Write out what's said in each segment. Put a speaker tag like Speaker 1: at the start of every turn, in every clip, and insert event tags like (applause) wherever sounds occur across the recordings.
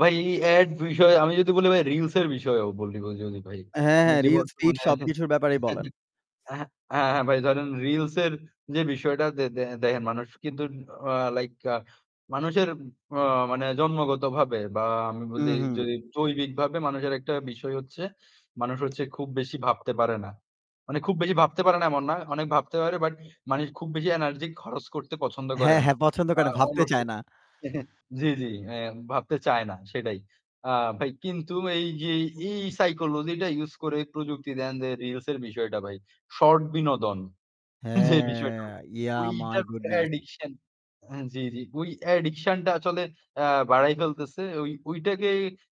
Speaker 1: ভাই এই অ্যাড বিষয়ে আমি যদি বলি ভাই, রিলসের বিষয়েও বলিব যদি ভাই।
Speaker 2: হ্যাঁ,
Speaker 1: মানে
Speaker 2: হ্যাঁ।
Speaker 1: যে
Speaker 2: রিলস, ফিড
Speaker 1: বর্তমানে
Speaker 2: সবকিছুর ব্যাপারেই বলেন।
Speaker 1: (chuckles) অ্যা হ্যাঁ, হ্যাঁ, হ্যাঁ ভাই ধরেন রিলসের যে বিষয়টা দে দে দেখেন মানুষ কিন্তু আ লাইক আ মানুষের উম অ মানে জন্মগতভাবে বা আমি বলি
Speaker 2: হুম, হুম।
Speaker 1: যদি জৈবিকভাবে মানুষের একটা বিষয় হচ্ছে, মানুষ হচ্ছে খুব বেশি ভাবতে পারে না মানে খুব বেশি ভাবতে পারে না এমন না, অনেক ভাবতে পারে, বাট মানুষ খুব বেশি এনার্জি খরচ করতে পছন্দ করে
Speaker 2: হ্যাঁ,
Speaker 1: না।
Speaker 2: হ্যাঁ। পছন্দ
Speaker 1: বা
Speaker 2: কেন ভাবতে
Speaker 1: অলস
Speaker 2: চায় না।
Speaker 1: (chuckles) জি, জি। হ্যাঁ, ভাবতে চায় না, সেটাই। আ ভাই কিন্তু এই যে এই সাইকোলজিটা ইউজ করে প্রযুক্তি দেখেন যে রিলসের বিষয়টা ভাই, শর্ট বিনোদন যে বিষয়টা,
Speaker 2: হ্যাঁ! yeah my
Speaker 1: ওইটার প্রতি
Speaker 2: goodness!
Speaker 1: অ্যাডিকশন অ্যা জি, জি। ওই অ্যাডিকশনটা আসলে অ্যা বাড়ায় ফেলতেছে। ওই ওইটাকে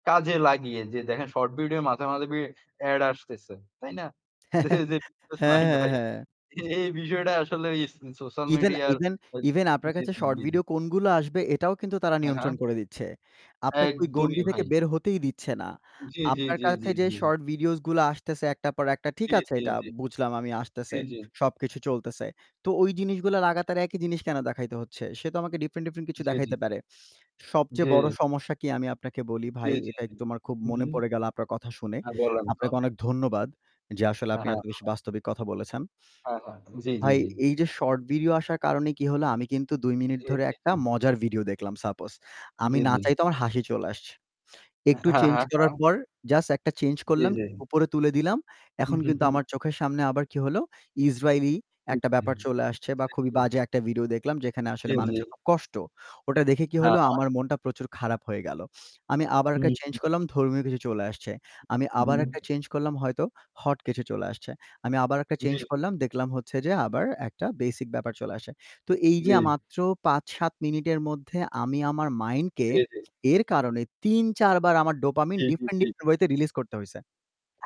Speaker 1: কাজে লাগিয়ে, যে দেখেন শর্ট ভিডিও মাঝে, মাঝে বি অ্যাড আসতেছে, তাই না? যে
Speaker 2: (chuckles) হ্যাঁ,
Speaker 1: এই যে (unintelligible)
Speaker 2: হ্যাঁ,
Speaker 1: নাহিদ ভাই।
Speaker 2: হ্যাঁ।
Speaker 1: এ এই বিষয়টা আসলে ওই স সোশ্যাল
Speaker 2: ইভেন
Speaker 1: মিডিয়ার
Speaker 2: ইভেন
Speaker 1: আ জি,
Speaker 2: ইভেন আপনার
Speaker 1: জি,
Speaker 2: কাছে
Speaker 1: জি,
Speaker 2: শর্ট
Speaker 1: জি, জি।
Speaker 2: ভিডিও কোনগুলো আসবে, এটাও কিন্তু তারা
Speaker 1: হ্যাঁ,
Speaker 2: নিয়ন্ত্রণ
Speaker 1: হ্যাঁ।
Speaker 2: করে দিচ্ছে। আপনাকে ওই
Speaker 1: একদমই
Speaker 2: গণ্ডি থেকে
Speaker 1: ভাই।
Speaker 2: বের হতেই দিচ্ছে না।
Speaker 1: জি, জি,
Speaker 2: আপনার
Speaker 1: জি, জি,
Speaker 2: কাছে যে
Speaker 1: জি।
Speaker 2: শর্ট ভিডিওসগুলা আসতেছে একটার পর একটা, ঠিক
Speaker 1: জি,
Speaker 2: আছে
Speaker 1: জি,
Speaker 2: এইটা
Speaker 1: জি।
Speaker 2: বুঝলাম আমি
Speaker 1: জি,
Speaker 2: আসতেছে,
Speaker 1: জি।
Speaker 2: সবকিছু চলতেছে। তো ওই জিনিসগুলা লাগাতার একই জিনিস কেন দেখাইতে হচ্ছে? সে তো আমাকে ডিফারেন্ট, ডিফারেন্ট কিছু
Speaker 1: জি, জি।
Speaker 2: দেখাইতে পারে। সবচেয়ে বড়
Speaker 1: জি।
Speaker 2: সমস্যা কী, আমি আপনাকে বলি
Speaker 1: জি,
Speaker 2: ভাই,
Speaker 1: জি,
Speaker 2: এটা
Speaker 1: জি।
Speaker 2: একটু আমার খুব
Speaker 1: হু, হু।
Speaker 2: মনে পড়ে গেল আপনার কথা শুনে।
Speaker 1: হ্যাঁ, বলেন তো।
Speaker 2: আপনাকে অনেক ধন্যবাদ, যে আসলে
Speaker 1: হ্যাঁ,
Speaker 2: আপনি
Speaker 1: হ্যাঁ।
Speaker 2: এত বেশি
Speaker 1: (unintelligible)
Speaker 2: বাস্তবিক কথা বলেছেন।
Speaker 1: হ্যাঁ, হ্যাঁ। জি, জি,
Speaker 2: ভাই,
Speaker 1: জি।
Speaker 2: এই যে শর্ট ভিডিও আসার কারণে কী হলো? আমি কিন্তু ২ মিনিট
Speaker 1: জি,
Speaker 2: ধরে
Speaker 1: জি,
Speaker 2: একটা
Speaker 1: জি।
Speaker 2: মজার ভিডিও দেখলাম suppose, আমি
Speaker 1: জি,
Speaker 2: না
Speaker 1: জি।
Speaker 2: চাইতেও আমার হাসি চলে আসছে।
Speaker 1: অ্যা
Speaker 2: একটু
Speaker 1: হ্যাঁ,
Speaker 2: চেঞ্জ
Speaker 1: হ্যাঁ,
Speaker 2: করার
Speaker 1: হ্যাঁ।
Speaker 2: পর জাস্ট একটা চেঞ্জ
Speaker 1: জি,
Speaker 2: করলাম,
Speaker 1: জি।
Speaker 2: উপরে তুলে দিলাম।
Speaker 1: হু,
Speaker 2: এখন
Speaker 1: হু,
Speaker 2: কিন্তু
Speaker 1: হু।
Speaker 2: আমার চোখের সামনে আবার কী হলো, ইসরাইলি
Speaker 1: জি,
Speaker 2: একটা
Speaker 1: জি।
Speaker 2: ব্যাপার চলে আসছে বা
Speaker 1: জি,
Speaker 2: খুবই
Speaker 1: জি।
Speaker 2: বাজে একটা ভিডিও দেখলাম যেখানে
Speaker 1: জি,
Speaker 2: আসলে
Speaker 1: জি।
Speaker 2: মানুষের খুব কষ্ট, ওটা দেখে কী
Speaker 1: হ্যাঁ,
Speaker 2: হলো?
Speaker 1: হ্যাঁ।
Speaker 2: আমার মনটা প্রচুর খারাপ হয়ে গেল। আমি আবার একা
Speaker 1: হুম,
Speaker 2: চেঞ্জ
Speaker 1: হুম।
Speaker 2: করলাম, ধর্মীয় কিছু চলে আসছে। আমি আবার
Speaker 1: উ-হুম।
Speaker 2: একটা চেঞ্জ করলাম হয়তো, হট কিছু চলে আসছে। আমি আবার একটা
Speaker 1: জি,
Speaker 2: চেঞ্জ
Speaker 1: জি।
Speaker 2: করলাম, দেখলাম হচ্ছে যে আবার একটা বেসিক ব্যাপার চলে আসছে। তো এই যে আ
Speaker 1: জি।
Speaker 2: মাত্র ৫-৭ মিনিটের মধ্যে আমি আমার মাইন্ডকে
Speaker 1: জি, জি।
Speaker 2: এর কারণে ৩-৪ বার আমার ডোপামিন
Speaker 1: জি, জি,
Speaker 2: ডিফেন,
Speaker 1: জি।
Speaker 2: ডিফেন ওয়েতে রিলিজ করতে হইছে।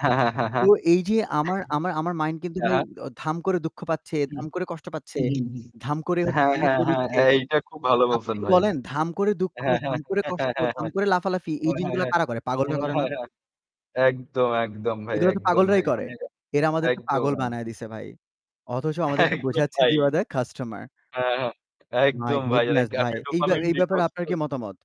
Speaker 1: হ্যাঁ, হ্যাঁ, হ্যাঁ,
Speaker 2: তো
Speaker 1: হ্যাঁ। (chuckles)
Speaker 2: এই যে আমার আমার আমার মাইন্ড কিন্তু
Speaker 1: হ্যাঁ,
Speaker 2: ভাই
Speaker 1: হ্যাঁ।
Speaker 2: অ ধাম করে দুঃখ পাচ্ছে,
Speaker 1: হুম।
Speaker 2: ধাম করে কষ্ট পাচ্ছে,
Speaker 1: হু, হু, হু।
Speaker 2: ধাম করে হচ্ছে
Speaker 1: হ্যাঁ,
Speaker 2: কান্না
Speaker 1: হ্যাঁ,
Speaker 2: করে
Speaker 1: হ্যাঁ
Speaker 2: দিচ্ছে।
Speaker 1: এইটা খুব ভালো বলছেন
Speaker 2: আপনি
Speaker 1: ভাই।
Speaker 2: বলেন ধাম করে দুঃখ,
Speaker 1: হ্যাঁ, হ্যাঁ
Speaker 2: ধাম
Speaker 1: (chuckles)
Speaker 2: করে
Speaker 1: হ্যাঁ, হ্যাঁ,
Speaker 2: কষ্ট, ধাম করে লাফালাফি, এই জিনিসগুলা
Speaker 1: হ্যাঁ।
Speaker 2: কারা করে? পাগলরা
Speaker 1: হ্যাঁ,
Speaker 2: করে না?
Speaker 1: হ্যাঁ, হ্যাঁ। একদম, একদম ভাই,
Speaker 2: এগুলা তো
Speaker 1: একদম
Speaker 2: পাগলরাই
Speaker 1: ভাই।
Speaker 2: করে।
Speaker 1: মানে এটা
Speaker 2: এরা আমাদেরকে
Speaker 1: একদম,
Speaker 2: পাগল বানায়
Speaker 1: একদম।
Speaker 2: দিছে ভাই। অথচ আমাদেরকে
Speaker 1: একদম
Speaker 2: বোঝাচ্ছে যে,
Speaker 1: ভাই!
Speaker 2: "You are the customer!"
Speaker 1: হ্যাঁ, হ্যাঁ।
Speaker 2: My
Speaker 1: একদম ভাই।
Speaker 2: goodness
Speaker 1: লাইক
Speaker 2: ভাই!
Speaker 1: আপনি
Speaker 2: এই ব্য
Speaker 1: ডোপামিন
Speaker 2: এই ব্যাপারে
Speaker 1: ডিটক্স
Speaker 2: আপনার
Speaker 1: তো
Speaker 2: কী মতামত?